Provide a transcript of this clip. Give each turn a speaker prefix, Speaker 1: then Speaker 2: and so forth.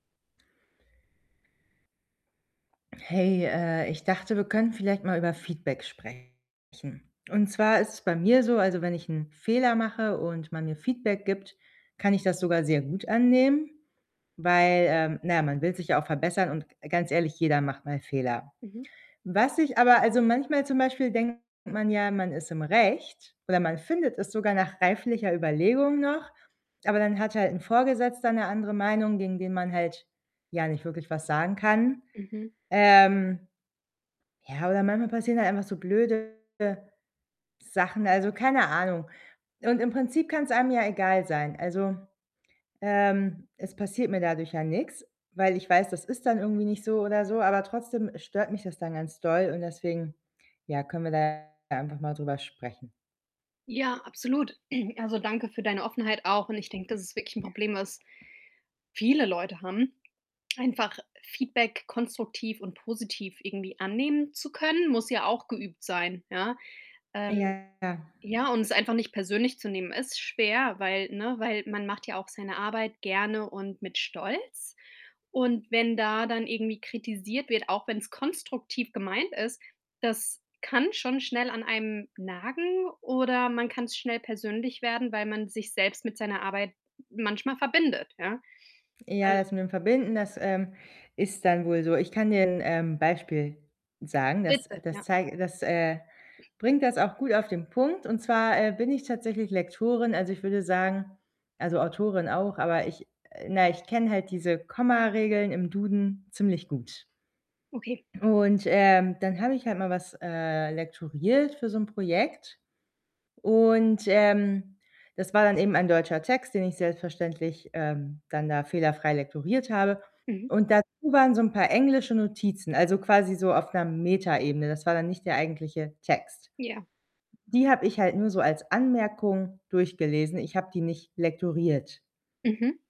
Speaker 1: Hey, äh, ich dachte, wir können vielleicht mal über Feedback sprechen, und zwar ist es bei mir so, also, wenn ich 'n Fehler mache und man mir Feedback gibt, kann ich das sogar sehr gut annehmen, weil, ähm, na ja, man will sich ja auch verbessern und g ganz ehrlich, jeder macht mal Fehler.
Speaker 2: Mhm.
Speaker 1: Was ich aber also, manchmal zum Beispiel denkt man ja, man ist im Recht oder man findet es sogar nach reiflicher Überlegung noch, aber dann hat halt 'n Vorgesetzter 'ne andere Meinung, gegen den man halt ja nicht wirklich was sagen kann,
Speaker 2: Mhm.
Speaker 1: ähm ja, oder manchmal passieren halt einfach so blöde Sachen, also keine Ahnung und im Prinzip kann‘s einem ja egal sein. Also, ähm, es passiert mir dadurch ja nix, weil ich weiß, das ist dann irgendwie nicht so oder so, aber trotzdem stört mich das dann ganz doll und deswegen, ja, können wir ja da ja einfach mal drüber sprechen.
Speaker 2: Ja, absolut. Also, danke für deine Offenheit auch und ich denke, das ist wirklich 'n Problem, was viele Leute haben. Einfach Feedback konstruktiv und positiv irgendwie annehmen zu können, muss ja auch geübt sein, ja. Ähm,
Speaker 1: Ja, klar.
Speaker 2: ja, und es einfach nicht persönlich zu nehmen ist schwer, weil, ne weil man macht ja auch seine Arbeit gerne und mit Stolz und wenn da dann irgendwie kritisiert wird, auch wenn‘s konstruktiv gemeint ist, das kann schon schnell an einem nagen oder man kann‘s schnell persönlich werden, weil man sich selbst mit seiner Arbeit manchmal verbindet, ja. Al
Speaker 1: Ja, das mit dem Verbinden, das, ähm, ist dann wohl so. Ich kann dir 'n, ähm, Beispiel sagen, das, äh
Speaker 2: Bitte,
Speaker 1: das
Speaker 2: ja.
Speaker 1: zei das, äh, bringt das auch gut auf den Punkt, und zwar, äh, bin ich tatsächlich Lektorin. Also, ich würde sagen also, Autorin auch, aber ich na ja, ich kenne halt diese
Speaker 2: [unintelligible]
Speaker 1: Komma-Regeln im Duden ziemlich gut.
Speaker 2: Okay.
Speaker 1: Und, ähm, dann habe ich halt mal was, äh, lektoriert für so 'n Projekt und, ähm, das war dann eben ein deutscher Text, den ich selbstverständlich, ähm, dann da fehlerfrei lektoriert habe,
Speaker 2: Mhm.
Speaker 1: und dazu waren so 'n paar englische Notizen, also, quasi so auf 'ner Metaebene. Das war dann nicht der eigentliche Text.
Speaker 2: Ja.
Speaker 1: Die habe ich halt nur so als
Speaker 2: Hm.
Speaker 1: Anmerkung durchgelesen, ich habe die nicht lektoriert.
Speaker 2: Mhm.